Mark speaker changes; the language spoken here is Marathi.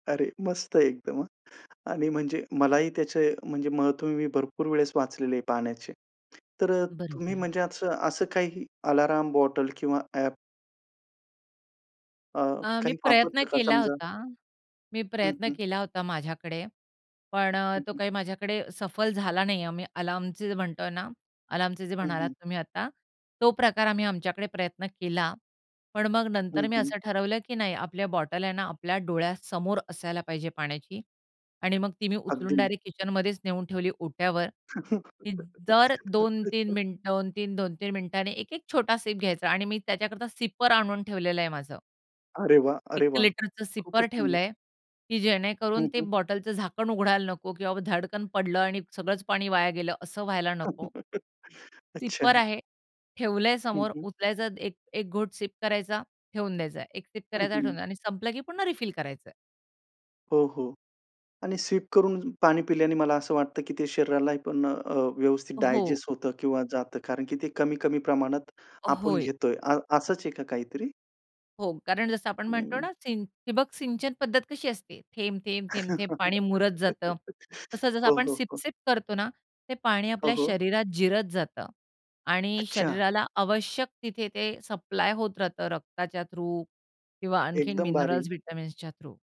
Speaker 1: अरे! मस्त एकदम, हां. आणि म्हणजे मलाही त्याचे म्हणजे महत्त्व मी भरपूर वेळेस वाचलेले पाण्याचे, तर अ, तुम्ही
Speaker 2: बरोबर.
Speaker 1: म्हणजे असं असं काही अलार्म बॉटल किंवा ॲप? अ,
Speaker 2: अ, मी
Speaker 1: काही
Speaker 2: प्रयत्न
Speaker 1: वापरत का
Speaker 2: केला
Speaker 1: समजा?
Speaker 2: होता, मी
Speaker 1: हं,
Speaker 2: प्रयत्न
Speaker 1: हं.
Speaker 2: केला होता माझ्याकडे, पण अ,
Speaker 1: हं,
Speaker 2: तो
Speaker 1: हं.
Speaker 2: काही माझ्याकडे सफल झाला नाही आहे. आम्ही अलार्मचे जे म्हणतोय ना, अलार्मचे जे
Speaker 1: हं,
Speaker 2: म्हणालात
Speaker 1: हं.
Speaker 2: तुम्ही आता, तो प्रकार आम्ही आमच्याकडे प्रयत्न केला. पण मग
Speaker 1: हं,
Speaker 2: नंतर मी
Speaker 1: हं.
Speaker 2: असं ठरवलं की नाही, आपल्या बॉटल आहे ना, आपल्या डोळ्यासमोर असायला पाहिजे पाण्याची. आणि मग ती मी उचलून
Speaker 1: अगदी.
Speaker 2: डायरेक्ट किचनमध्येच नेऊन ठेवली ओट्यावर, की दर 2-3 मिनिटं, 2-3-2-3 मिनिटांनी 1-1 छोटा सीप घ्यायचा आणि मी त्याच्याकरता सिपर आणून ठेवलेलं आहे माझं.
Speaker 1: अरे वाह!
Speaker 2: 1
Speaker 1: अरे वाह!
Speaker 2: लिटरचं
Speaker 1: खूपच
Speaker 2: सिपर
Speaker 1: सुंदर.
Speaker 2: ठेवलंय, की
Speaker 1: हं,
Speaker 2: जेणेकरून ते
Speaker 1: हं.
Speaker 2: बॉटलचं झाकण उघडायला नको किंवा धडकन पडलं आणि सगळंच पाणी वाया गेलं, असं व्हायला नको. सिपर
Speaker 1: अच्छा!
Speaker 2: आहे, ठेवलंय
Speaker 1: हं,
Speaker 2: समोर
Speaker 1: हं.
Speaker 2: उचलायचा, 1 घोट सिप करायचा ठेवून द्यायचाय. 1 सिप
Speaker 1: हं,
Speaker 2: करायचा
Speaker 1: हं.
Speaker 2: ठेवून द्या आणि संपलं की पुन्हा रिफिल करायचंय.
Speaker 1: हो, हो. आणि सिप करून पाणी पिल्याने मला असं वाटतं की ते शरीराला पण अ, व्यवस्थित
Speaker 2: हो.
Speaker 1: डायजेस्ट होतं किंवा जातं, कारण की ते कमी-कमी प्रमाणात आपण
Speaker 2: होय.
Speaker 1: घेतोय. अ असंच आहे का काहीतरी?
Speaker 2: हो, कारण जसं आपण म्हणतो
Speaker 1: हं.
Speaker 2: ना, सिन ठिबक सिंचन पद्धत कशी असते. थेंब-थेंब-थेंब-थेंब पाणी मुरत जातं, तसं जसं
Speaker 1: हो,
Speaker 2: आपण
Speaker 1: हो, हो.
Speaker 2: सीप-सीप करतो ना, ते पाणी
Speaker 1: हो,
Speaker 2: आपल्या
Speaker 1: हो.
Speaker 2: शरीरात जिरत जातं आणि
Speaker 1: अच्छा!
Speaker 2: शरीराला आवश्यक तिथे ते सप्लाय होत राहतं. रक्ताच्या थ्रू किंवा आणखीन
Speaker 1: एकदम
Speaker 2: मिनरल्स,
Speaker 1: भारी.
Speaker 2: व्हिटॅमिन्सच्या थ्रू